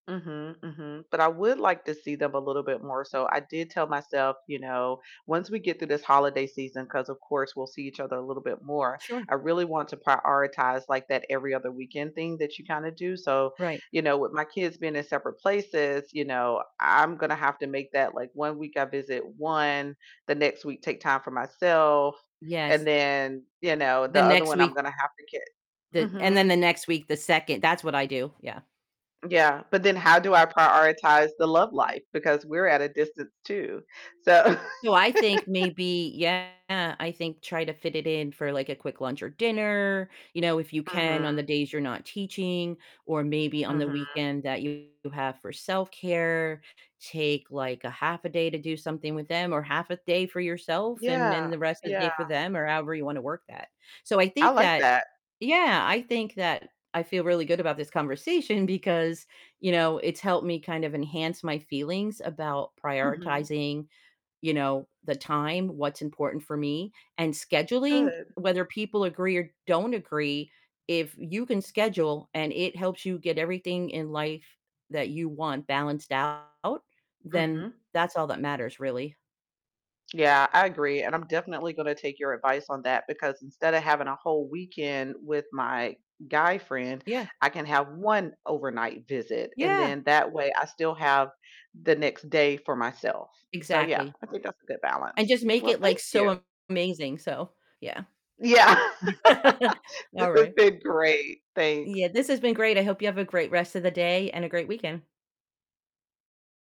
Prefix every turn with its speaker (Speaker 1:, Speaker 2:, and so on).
Speaker 1: Mhm, mhm, but I would like to see them a little bit more, so I did tell myself, you know, once we get through this holiday season, 'cause of course we'll see each other a little bit more,
Speaker 2: Sure.
Speaker 1: I really want to prioritize, like, that every other weekend thing that you kinda do, so,
Speaker 2: Right.
Speaker 1: you know, with my kids being in separate places, you know, I'm gonna have to make that, like, one week I visit one, the next week take time for myself, and
Speaker 2: Yes.
Speaker 1: then, you know, the
Speaker 2: The
Speaker 1: other
Speaker 2: next
Speaker 1: one I'm
Speaker 2: week
Speaker 1: gonna have to ki
Speaker 2: the and then
Speaker 1: Mhm.
Speaker 2: the next week, the 2nd That's what I do, yeah.
Speaker 1: Yeah, but then how do I prioritize the love life, because we're at a distance too, so
Speaker 2: So I think maybe Yeah, I think try to fit it in for, like, a quick lunch or dinner, you know, if you can on the
Speaker 1: Mhm.
Speaker 2: days you're not teaching, or maybe on the
Speaker 1: Mhm.
Speaker 2: weekend that you have for self-care, take, like, a half a day to do something with them or half a day for yourself, and then
Speaker 1: Yeah,
Speaker 2: the rest of the
Speaker 1: yeah.
Speaker 2: day for them or however you wanna work that, so I
Speaker 1: I
Speaker 2: think
Speaker 1: like
Speaker 2: that
Speaker 1: that.
Speaker 2: Yeah, I think that I feel really good about this conversation, because, you know, it helped me kind of enhance my feelings about
Speaker 1: Mhm.
Speaker 2: prioritizing, you know, the time, what's important for me, and scheduling,
Speaker 1: Good.
Speaker 2: whether people agree or don't agree, if you can schedule, and it helps you get everything in life that you want balanced out, then
Speaker 1: Mhm.
Speaker 2: that's all that matters, really.
Speaker 1: Yeah, I agree, and I'm definitely gonna take your advice on that, because instead of having a whole weekend with my guy friend,
Speaker 2: Yeah.
Speaker 1: I can have 1 overnight visit, and
Speaker 2: Yeah.
Speaker 1: then that way I still have the next day for myself, so yeah,
Speaker 2: Exactly.
Speaker 1: I think that's a good
Speaker 2: And
Speaker 1: balance.
Speaker 2: just make
Speaker 1: Well,
Speaker 2: it, like,
Speaker 1: thank you.
Speaker 2: so amazing, so, yeah.
Speaker 1: Yeah. This
Speaker 2: All
Speaker 1: has
Speaker 2: right.
Speaker 1: been great, thanks.
Speaker 2: Yeah, this has been great, I hope you have a great rest of the day, and a great weekend